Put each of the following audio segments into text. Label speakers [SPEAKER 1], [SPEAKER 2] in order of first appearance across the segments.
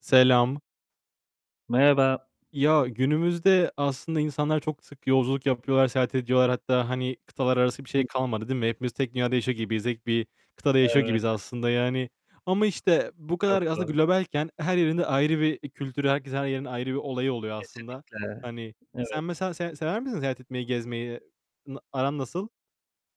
[SPEAKER 1] Selam.
[SPEAKER 2] Merhaba.
[SPEAKER 1] Ya, günümüzde aslında insanlar çok sık yolculuk yapıyorlar, seyahat ediyorlar. Hatta hani kıtalar arası bir şey
[SPEAKER 2] Hı.
[SPEAKER 1] kalmadı değil mi? Hepimiz tek dünyada yaşıyor gibiyiz, tek bir kıtada yaşıyor
[SPEAKER 2] Evet.
[SPEAKER 1] gibiyiz aslında yani. Ama işte bu
[SPEAKER 2] Çok
[SPEAKER 1] kadar aslında
[SPEAKER 2] doğru.
[SPEAKER 1] globalken, her yerinde ayrı bir kültürü, herkesin, her yerin ayrı bir olayı oluyor aslında.
[SPEAKER 2] Kesinlikle,
[SPEAKER 1] Hani
[SPEAKER 2] evet.
[SPEAKER 1] sen mesela se sever misin seyahat etmeyi, gezmeyi? N aran nasıl?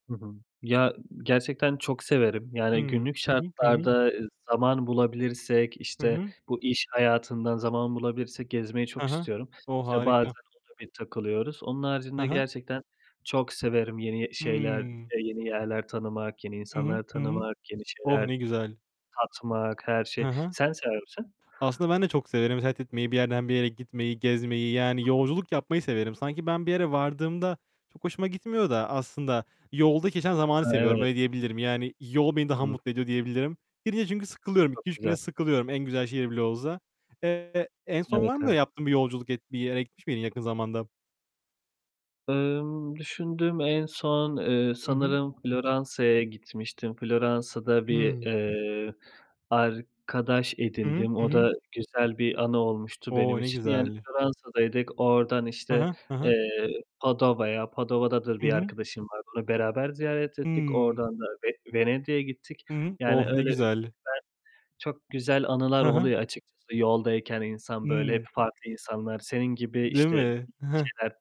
[SPEAKER 2] Hı hı. Ya, gerçekten çok severim. Yani,
[SPEAKER 1] Hımm.
[SPEAKER 2] günlük
[SPEAKER 1] Hı hı, hı hı.
[SPEAKER 2] şartlarda, ıııı, zaman bulabilirsek,
[SPEAKER 1] Hı
[SPEAKER 2] işte
[SPEAKER 1] hı.
[SPEAKER 2] bu iş hayatından zaman bulabilirsek gezmeyi
[SPEAKER 1] He
[SPEAKER 2] çok
[SPEAKER 1] he.
[SPEAKER 2] istiyorum.
[SPEAKER 1] O,
[SPEAKER 2] İşte bazen
[SPEAKER 1] harika.
[SPEAKER 2] ona bir takılıyoruz. Onun
[SPEAKER 1] He
[SPEAKER 2] haricinde
[SPEAKER 1] he.
[SPEAKER 2] gerçekten çok severim yeni, eee, şeyler,
[SPEAKER 1] Hımm.
[SPEAKER 2] eee, yeni yerler tanımak, yeni
[SPEAKER 1] Hı hı.
[SPEAKER 2] insanlar
[SPEAKER 1] Hı hı.
[SPEAKER 2] tanımak, yeni
[SPEAKER 1] Oh
[SPEAKER 2] şeyler
[SPEAKER 1] ne güzel.
[SPEAKER 2] tatmak, her şey.
[SPEAKER 1] Hı hı.
[SPEAKER 2] Sen sever misin?
[SPEAKER 1] Aslında ben de çok severim. Seyahat etmeyi, bir yerden bir yere gitmeyi, gezmeyi. Yani
[SPEAKER 2] [unintelligible]
[SPEAKER 1] yolculuk yapmayı severim. Sanki ben bir yere vardığımda çok hoşuma gitmiyor da aslında yolda geçen zamanı
[SPEAKER 2] He,
[SPEAKER 1] seviyorum.
[SPEAKER 2] evet.
[SPEAKER 1] Öyle diyebilirim. Yani yol beni daha
[SPEAKER 2] Hı.
[SPEAKER 1] mutlu ediyor diyebilirim. Ya, bir de çünkü sıkılıyorum.
[SPEAKER 2] Çok
[SPEAKER 1] 2-3
[SPEAKER 2] güzel.
[SPEAKER 1] güne sıkılıyorum. En güzel şehir bile olsa. Eee, en son
[SPEAKER 2] Evet,
[SPEAKER 1] var mı öyle
[SPEAKER 2] evet.
[SPEAKER 1] yaptığın bir yolculuk et bir yere gitmiş miydin yakın zamanda?
[SPEAKER 2] Imm, düşündüm. En son, ııı,
[SPEAKER 1] I hı.
[SPEAKER 2] sanırım Floransa'ya gitmiştim. Floransa'da bir,
[SPEAKER 1] Hıı.
[SPEAKER 2] ııı, arkadaş
[SPEAKER 1] Hı hı.
[SPEAKER 2] edindim,
[SPEAKER 1] Hı
[SPEAKER 2] o
[SPEAKER 1] hı.
[SPEAKER 2] da güzel bir anı olmuştu benim
[SPEAKER 1] O! Ne
[SPEAKER 2] için. Yani
[SPEAKER 1] güzel.
[SPEAKER 2] Floransa'daydık, oradan
[SPEAKER 1] He
[SPEAKER 2] işte,
[SPEAKER 1] he. He he.
[SPEAKER 2] eee, Padova'ya, Padova'da da
[SPEAKER 1] Hı
[SPEAKER 2] bir
[SPEAKER 1] hı.
[SPEAKER 2] arkadaşım var, onu beraber ziyaret ettik.
[SPEAKER 1] Hımm.
[SPEAKER 2] Oradan da Ve Venedik'e gittik.
[SPEAKER 1] Hı hı.
[SPEAKER 2] Yani
[SPEAKER 1] Oh ne
[SPEAKER 2] öyle güzel
[SPEAKER 1] güzel.
[SPEAKER 2] çok güzel anılar
[SPEAKER 1] He he.
[SPEAKER 2] oluyor açıkçası yoldayken insan, böyle, hep
[SPEAKER 1] Hı.
[SPEAKER 2] farklı insanlar, senin gibi,
[SPEAKER 1] Değil
[SPEAKER 2] işte, yeni
[SPEAKER 1] mi? Hıh.
[SPEAKER 2] şeyler tat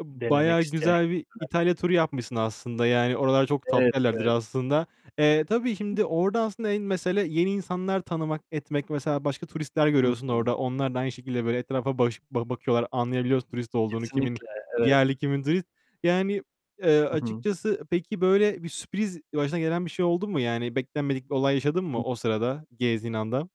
[SPEAKER 1] I
[SPEAKER 2] denemek
[SPEAKER 1] bayağı
[SPEAKER 2] isteyen
[SPEAKER 1] güzel bir
[SPEAKER 2] gibler
[SPEAKER 1] İtalya turu yapmışsın aslında. Yani oralar çok
[SPEAKER 2] Evet,
[SPEAKER 1] tatlı yerlerdir
[SPEAKER 2] evet.
[SPEAKER 1] aslında. Eee, tabii şimdi
[SPEAKER 2] [unintelligible]
[SPEAKER 1] orada aslında en mesele yeni insanlar tanımak, etmek, mesela başka turistler
[SPEAKER 2] Hı
[SPEAKER 1] görüyorsun
[SPEAKER 2] hı.
[SPEAKER 1] orada. Onlar da aynı şekilde böyle etrafa baş ba bakıyorlar, anlayabiliyorsun turist olduğunu, kimin
[SPEAKER 2] Kesinlikle, evet.
[SPEAKER 1] yerli kimin turist. Yani, ııı,
[SPEAKER 2] Hı hı.
[SPEAKER 1] açıkçası peki, böyle bir sürpriz başına gelen bir şey oldu mu? Yani, beklenmedik bir olay yaşadın mı
[SPEAKER 2] Hı.
[SPEAKER 1] o sırada, gezdiğin anda?